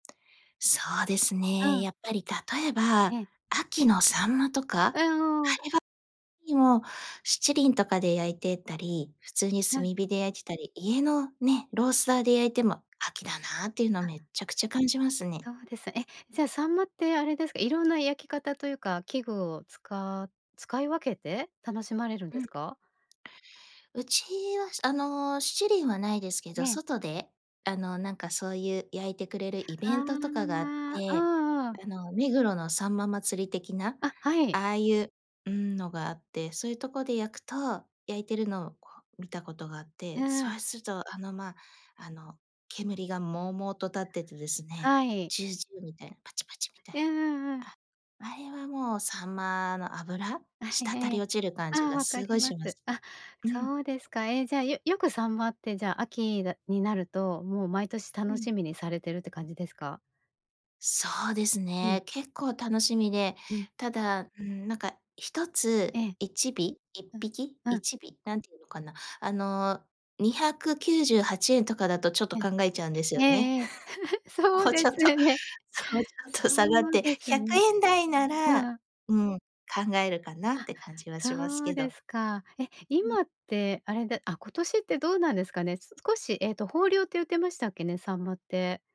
そうですうね。ん。やっぱり、例ええば、え。秋の秋刀魚とか、あれえ、はお。にも七輪とかで焼いてたり、普通にう炭ん。火で焼いてたり、家のね、ロースターで焼いても、秋だなっていうのを、あ。めっちゃくちゃ感じますそね。うです。え、じゃあ、秋刀魚ってあれですか、いろんな焼き方というか、器具をつか使い分けて楽しまれるんうですん。か？うちは、あの、七輪はないですけえど、え。外で、あの、なんか、そういう焼いてくれるイあベあ、ントとうかがあって、んうん。あの、目黒のさんま祭り的な。あ、はい。ああいううーん、のがあって、そういうとこで焼くと焼いてるのを見た事があっうーて、ん。そうすると、あの、ま、あの、煙がもうもうと立っててですね、はい。ジュウジュウみたいな、パチパチみたいうんうんうな。ん。あ、あれはもう秋刀魚の脂、あ、したたえりえ。落ちる感じああ、が分かり凄いまします。す。あ、うん。そうですか。え、じゃあ、よよく秋刀魚って、じゃあ、秋になると、もう毎年う楽ん。しみにされてるって感じですか？そうですうん。ね、結構楽しみで。うん。ただ、うーん、なんかひとえつ、え。1尾、いっうん、ぴき、ういん。ちび、何て言うのかな、あの、298円とかだと、ちょっとうん。考えちゃうんですよえね。えええ。そ もううでちょっすとね。もうちょっそと下がって、うですひゃくね。えんだいなら、ああ。うん、考えるかなって、感じはしあ、ますそうけでど。すか。え、今ってあれであ、今年ってどうなんですかね。少しえっと、豊漁って言ってましたっけね、秋刀魚って。